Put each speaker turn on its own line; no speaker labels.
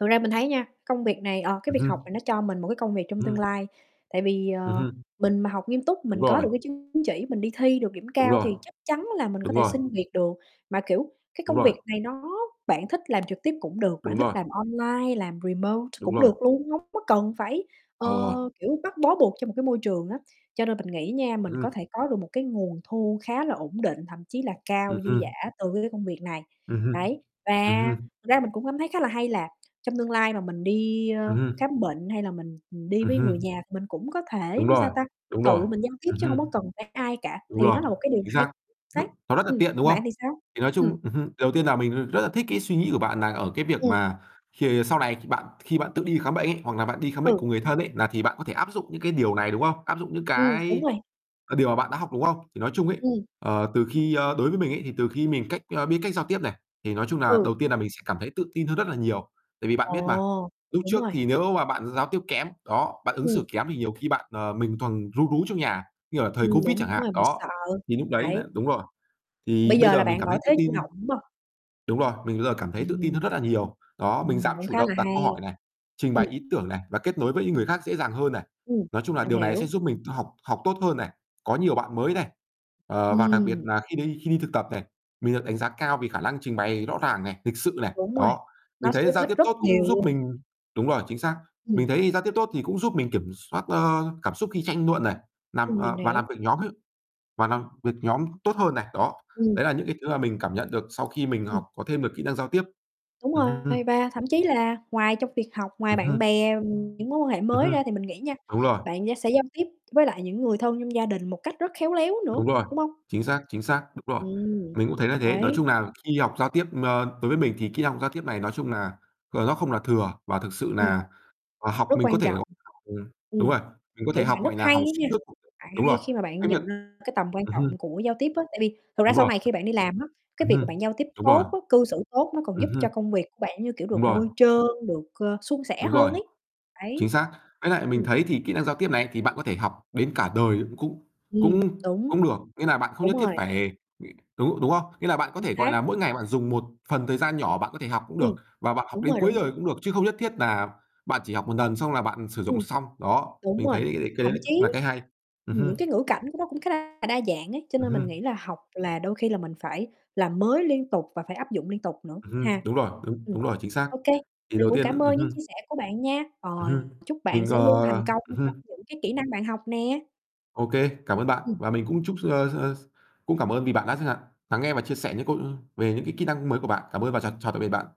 Thực ra mình thấy nha, công việc này ờ, cái
Ừm
việc học
hưm.
này nó cho mình một cái công việc trong tương
Ừm.
lai. Tại vì,
Ừm
ờ,
hưm.
mình mà học nghiêm túc
Đúng
mình có
rồi.
được cái chứng chỉ mình đi thi được điểm
Đúng
cao
rồi.
thì chắc chắn là mình có
Đúng
thể
rồi.
xin việc được. Mà kiểu, cái
Đúng
công
rồi.
việc này nó bạn thích làm trực tiếp cũng được, bạn
Đúng
thích
rồi.
làm online, làm remote
Đúng
cũng
rồi.
được luôn, hông có cần phải, ờ,
Ờ.
kiểu, bắt bó buộc cho một cái môi trường á. Cho nên mình nghĩ nha,
Ừm
mình có
hưm.
thể có được một cái nguồn thu khá là ổn định, thậm chí là cao,
Ừm
dư
hưm.
dả từ cái công việc này,
Ừm hưm,
đấy. Và
ừm hưm.
ra mình cũng cảm thấy khá là hay là trong tương lai mà mình đi, ơ,
Ừm hưm.
khám bệnh hay là mình đi
Ừm
với người
hưm.
nhà thì mình cũng có thể,
Đúng
ưm,
rồi,
sao ta,
đúng rồi,
tự mình giao tiếp
ừm
chứ hông có
hưm.
cần phải ai cả,
Đúng
thì
rồi,
đó là một cái điều
chính
hay,
xác,
đấy.
nó rất là
Ừm,
tiện,
còn
đúng không?
bạn thì sao?
Thì nói
Ừm.
chung ừm hưm, điều đầu tiên là mình r rất là thích cái suy nghĩ của bạn là ở cái việc
Ừm.
mà khi sau này khi bạn khi bạn tự đi khám bệnh ấy, hoặc là bạn đi khám bệnh
Ừ.
cùng người thân ấy là thì bạn có thể áp dụng những cái điều này, đúng không? Áp dụng những
Ừm, đúng
cái
rồi.
là điều mà bạn đã học, đúng không? Thì nói chung ấy,
Ừm.
ờ, từ khi, ơ, đối với mình ấy, thì từ khi mình cách ơ, biết cách giao tiếp này, thì nói chung là
Ừ.
đầu tiên là mình sẽ cảm thấy tự tin hơn rất là nhiều. Tại vì bạn biết mà,
Ồ,
lúc
đúng
trước
rồi.
thì nếu mà bạn giao tiếp kém, đó, bạn ứng
Ừm.
xử kém thì nhiều khi bạn, ờ, mình toàn ru rú trong nhà, như ở thời
Ừm,
COVID chẳng
đúng
hạn,
rồi, mình
đó,
sợ,
thì núc đấy là
đấy.
đúng rồi, thì
Bây
bây
giờ
giờ
là
mình
bạn
cảm
ở
thấy tự
thế chủ
tin.
động, đúng hông?
Đúng rồi, mình bây giờ cảm thấy tự tin
Ừm.
hơn rất là nhiều, đó, mình
Ừm,
dám
cũng
chủ
khá là
động đặt câu
hay.
hỏi này, trình
Ừm.
bày ý tưởng này, và kết nối với những người khác dễ dàng hơn này.
Ừm,
Nói chung là
mình
điều này sẽ
hiểu.
giúp mình tự học học tốt hơn này, có nhiều bạn mới này, ờ, và đặc biệt
Ừm.
nà khi đi khi đi thực tập này, mình được đánh giá cao vì khả năng trình bày rõ ràng này, lịch sự này.
Đúng rồi,
Đó, mình
nó sẽ
thấy
giúp
giao
ích
tiếp
rất
tốt cũng
nhiều
giúp
luôn.
mình đúng rồi, chính xác,
Ừm.
mình thấy giao tiếp tốt thì cũng giúp mình kiểm soát, ơ, cảm xúc khi tranh luận này, làm
Ừm, mình
ờ, và làm
hiểu.
việc nhóm ấy, và làm việc nhóm tốt hơn này, đó.
Ừm.
Đấy là những cái thứ mà mình cảm nhận được sau khi mình
Ừm.
học có thêm được kỹ năng giao tiếp.
Đúng
Ừm hưm, hưm.
rồi, và thậm chí là ngoài trong việc học, ngoài
Ừm
bạn
hưm.
bè, ừm, những mối quan hệ
Ừm
mới
hưm,
ra thì mình nghĩ nha,
đúng rồi.
bạn gi sẽ giao tiếp với lại những người thân trong gia đình một cách rất khéo léo nữa,
Đúng rồi,
đúng hông?
chính xác, chính xác, đúng rồi,
Ừm,
mình cũng thấy là thế. Nói
đấy.
chung là khi học giao tiếp, ơ, đối với mình thì kỹ năng giao tiếp này nói chung là, ờ, nó không là thừa và thực sự
Ừm.
là là học
Rất
mình có
quan
thể
trọng.
gọi [unintelligible] ừm, đúng
Ừm,
rồi, mình có
kiểu,
thể học,
bạn rất
gọi là,
hay
học
á nha,
xuyên suốt cũng được,
bạn
đúng
hay
rồi.
khi mà bạn
Cái việc
nhận ra cái tầm quan
ừm hưm.
trọng của giao tiếp á, tại vì thực ra
Đúng
sau
rồi.
này khi bạn đi làm á, cái
Ừm
việc
hưm,
mà bạn giao tiếp
đúng rồi.
tốt á, cư xử tốt nó còn
Ừm
giúp
hưm.
cho công việc của bạn như kiểu
Đúng
được
rồi.
bôi trơn, ơ, được suôn sẻ
Đúng rồi,
hơn ấy,
chính
đấy.
xác. Với lại mình
Ừm.
thấy thì kỹ năng giao tiếp này ấy, thì bạn có thể học đến cả đời cũng cũng
Ừm,
cũng
đúng.
cũng được, nghĩa là bạn không
Đúng
nhất thiết
rồi.
phải đúng, đúng không? Nghĩa là bạn có
Chính
thể, gọi
xác.
là, mỗi ngày bạn dùng một phần thời gian nhỏ bạn có thể học cũng
Ừm,
được và bạn học
đúng
đến
rồi,
cuối
đúng rồi.
đời cũng được chứ không nhất thiết nà bạn chỉ học một nần xong là bạn sử dụng
Ừm.
xong, đó,
Đúng
mình
rồi,
thấy đ cái
thậm
đấy lại cũng
chí,
là cái hay. Ừm
ừm,
hưm.
những cái ngữ cảnh của nó cũng khá là đa dạng ấy, cho
Ừm
nên mình
hưm.
nghĩ là học là đôi khi là mình phải làm mới liên tục và phải áp dụng liên tục nữa
Ừm
ha.
hưm, đúng rồi, đúng,
Ừm,
đúng rồi, chính xác.
OK,
Thì
mình
đầu
cũng
tiên
cảm
ừm
ơn những
hưm.
chia sẻ của bạn nha, ờ,
Ừm hưm,
chúc bạn
mình,
sẽ
ờ
luôn thành công
ừm
trong
hưm.
những cái kỹ năng bạn học nè.
OK, cảm ơn bạn,
Ừm.
và mình cũng chúc s ơ, ơ, s cũng cảm ơn vì bạn đã chẳng hạn lắng nghe và chia sẻ những câu, ư về những cái kỹ năng mới của bạn. Cảm ơn và chào chào tạm biệt bạn.